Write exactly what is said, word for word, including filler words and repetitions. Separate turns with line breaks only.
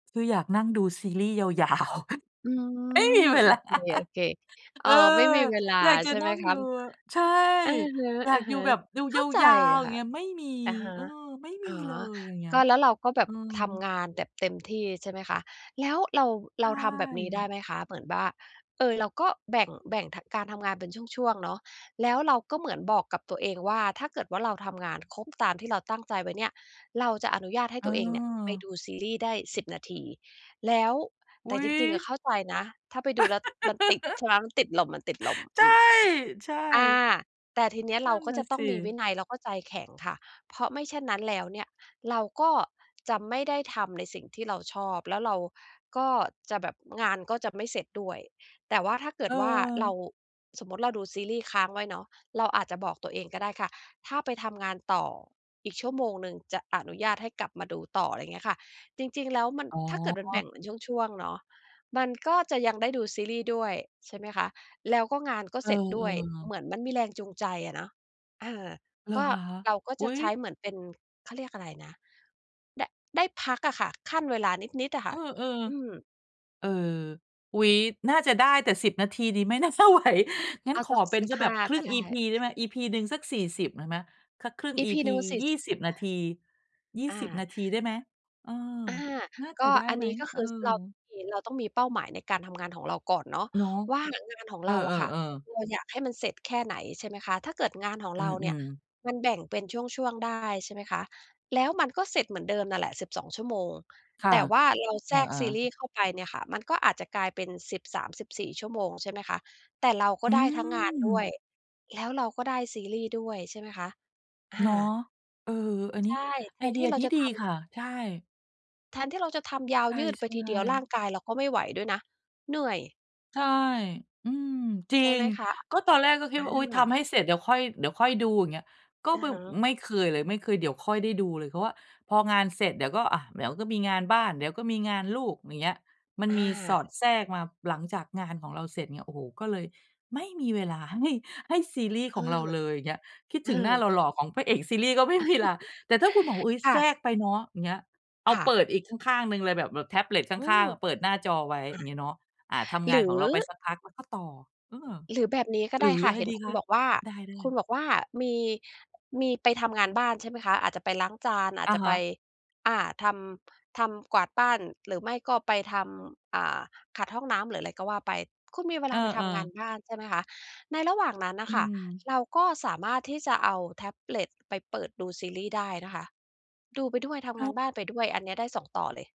คืออยากนั่งดูซีรีส์ยาว ยาว
อื
ไม่มี
ม
เวลา
โอเค ๆ เ
เ
อ
อ
่อ
อ
ไม่มีเวลา
อยากจะ
ใช่
น
ไ
ั
หม
่ง
ค
ด
ะ?
ู ใช่
อะ
อยาก
ฮ
อยู่
ะ
แบบดู
ๆ เข
ย
้าใจ
าว ๆ อย
ค
่า
่
ง
ะ
เงี้ย ไม่มี
อะฮะ
เออ ไม่
อ
ม
๋
ี
อ
เลย อย่างเงี้
ก
ย
็ แล้วเราก็แบ
เอ
บ
อ
ทำงานแบบเต็มที่ใช่ไหมคะ? แล้วเรา
ใ
เ
ช
ราทำแบบนี้ได
่
้ไหมคะ? เหมือนว่า เออ เราก็แบ่ง แบ่ง ท การทำงานเป็นช่วง ๆ เนาะ แล้วเราก็เหมือนบอกกับตัวเองว่า ถ้าเกิดว่าเราทำงานครบตามที่เราตั้งใจไว้เนี่ย เราจะอนุญาตให้ตัวเองเนี่ยไป
เออ
ดูซีรีส์ได้ สิบ นาที แล้ว
อ
แต
ุ
่
๊
จริง ๆ อ
ย!
ะ เข้าใจนะ ถ้าไปดูแล้วมันติด ใช่ไหม มันติดลม
ใช
ๆ อ
่
ืม
ใช
อา
่
แต่ทีเนี้ยเ
น
ร
ั
า
่น
ก็
น่
จ
ะ
ะต้
ส
องมีวิ
ิ
นัยแล้วก็ใจแข็งค่ะ เพราะไม่เช่นนั้นแล้วเนี่ย เราก็จะไม่ได้ทำในสิ่งที่เราชอบ แล้วเราก็จะแบบ งานก็จะไม่เสร็จด้วย แต่ว่าถ้าเกิดว่าเรา
เออ
สมมุติเราดูซีรีส์ค้างไว้เนาะ เราอาจจะบอกตัวเองก็ได้ค่ะ ถ้าไปทำงานต่ออีกชั่วโมงหนึ่ง จะอนุญาตให้กลับมาดูต่อ อะไรอย่างเงี้ยค่ะ จริง ๆ แล้วมัน
อ๋อ
ถ้าเกิดมันแบ่งเหมือนช่วง ๆ เนาะ มันก็จะยังได้ดูซีรีส์ด้วย ใช่ไหมคะ แล้วก็งานก็
เอ
เส
อ
ร็จด้วย เห
ๆ
มือนมันมีแรงจูงใจอะเนาะ อา
เหร
ก
อ
็
คะ?
เราก็
อุ
จ
๊
ะ
ย
ใช้เหมือนเป็น เขาเรียกอะไรนะ ได้ ได้พักอะค่ะ คั่นเวลานิด ๆ อะค่ะ
เออ
อืม
ๆ เออ อุ๊ย น่าจะได้ แต่ สิบ นาทีนี้ไม่น่า จะไหว งั้
เ
น
อา
ข
สั
อ
ก
เป็น
สิ
ส
บ
ัก
ห
แบ
้า
บคร
ก
ึ่
็
ง
ได้
EP. ได้ไหม? EP. หนึ่งสัก สี่สิบ ได้ไหม สักครึ่ง
EP.
EP.
หนึ่ง สี่
ย
ส
ี
ิ
่
บ
สิบ นาที ยี่
ห้
ส
า
ิบ
อ
น
า
าทีได้ไหม? เออ
อา
น่า
ก
จะ
็
ได้
อัน
ไหม?
นี้ก็ค
เออ
ือ ส เราต้องมี เราต้องมีเป้าหมายในการทำงานของเราก่อนเนาะ
เนาะ
ว่างานของ
เอ
เร
อ
าอะค่ะ
ๆ ๆ
เราอยากให้มันเสร็จแค่ไหน ใช่ไหมคะ ถ้าเกิดงานของ
อื
เราเนี่ย
ม ๆ
มันแบ่งเป็นช่วง ๆ ได้ ใช่ไหมคะ แล้วมันก็เสร็จเหมือนเดิมน่ะแหละ สิบสอง ชั่วโมง
ค่ะ
แต่ว่าเราแ
อ
ทรก
า
ซีร
ๆ
ีส์เข้าไปเนี่ยค่ะ มันก็อาจจะกลายเป็น สิบสามสิบสี่ ชั่วโมง ใช่ไหมคะ แต่เราก
อ
็
ื
ได้ทั้งงานด้ว
ม
ย แล้วเราก็ได้ซีรีส์ด้วย ใช่ไหมคะ อ
เนาะ
า
เออ อันน
ใ
ี
ช
้
่ แ
ไ
ท
อ
น
เดี
ที
ย
่เร
ด
า
ี๊
จะ
ดี
ทำ
ค่ะ ใช่
แทนที่เราจะทำยา
ใช
ว
่
ยืดไปทีเดียว ร่
ๆ
างกายเราก็ไม่ไหวด้วยนะ เหนื่อย
ใช่ อืม จริ
ใช่ไ
ง
หมคะ?
ก็ตอนแรกก็คิ
อ
ดว่า อุ๊ย ท
า
ำให้เสร็จเดี๋ยวค่อย เดี๋ยวค่อยดู อย่างเงี้ย ก็
อะ
บึ
ฮ
บ
ะ
ไม่เคยเลย ไม่เคยเดี๋ยวค่อยได้ดูเลย เพราะว่าพองานเสร็จเดี๋ยวก็ อะ เดี๋ยวก็มีงานบ้าน เดี๋ยวก็มีงานลูก อย่างเงี้ย มัน
อ
มีส
า
อดแทรกมาหลังจากงานของเราเสร็จเนี่ย โอ้โฮ ก็เลย ไม่มีเวลาให้ ให้ซีรีส
เ
์
อ
ข
อ
องเราเลย เงี้ย คิด
เอ
ถ
อ
ึงหน้าหล่อ ๆ ของพระเอกซีรีส์ ก็ไม่มีลา แต่ถ้าคุณบอกว่า อุ๊ย
ค่
แทร
ะ
กไปเนาะ อย่างเงี้ย เอ
ค
า
่
เป
ะ
ิดอีกข้าง ๆ หนึ่งเลยแบบ แบบแท็บเล็ตข
อื
้า
ม
ง ๆ อะ เปิดหน้าจอไว้
อ
อ
า
ย่างเงี้ยเนาะ อา ทำ
ห
ง
ร
าน
ื
ของ
อ
เราไปสักพัก แล้วก็ต่อ เออ
หรือแบบนี้ก็
หร
ได้
ือ
ค่
อ
ะ
ะไร
เห็น
ดี
คุ
ค
ณ
ะ?
บอกว่า
ได้
คุณ
ๆ
บอกว่า มี มีไปทำงานบ้านใช่ไหมคะ? อาจจะไปล้างจาน อา
อ
จ
ะ
จะ
ฮ
ไป
ะ
อา ทำ ทำ กวาดบ้าน หรือไม่ก็ไปทำ อ่า ขัดห้องน้ำ หรืออะไรก็ว่าไป คุณมีเว
เ
ลาไปท
ออ
ำงาน
ๆ
บ้าน ใช่ไหมคะ ในระหว่างนั้นน่
อ
ะ
ื
ค่ะ
ม
เราก็สามารถที่จะเอาแท็บเล็ตไปเปิดดูซีรีส์ได้นะคะ ดูไปด้วยท
อ
ำ
้
ง
า
าน
ว
บ้านไปด้วย อันเนี้ยได้ สอง ต่อเลย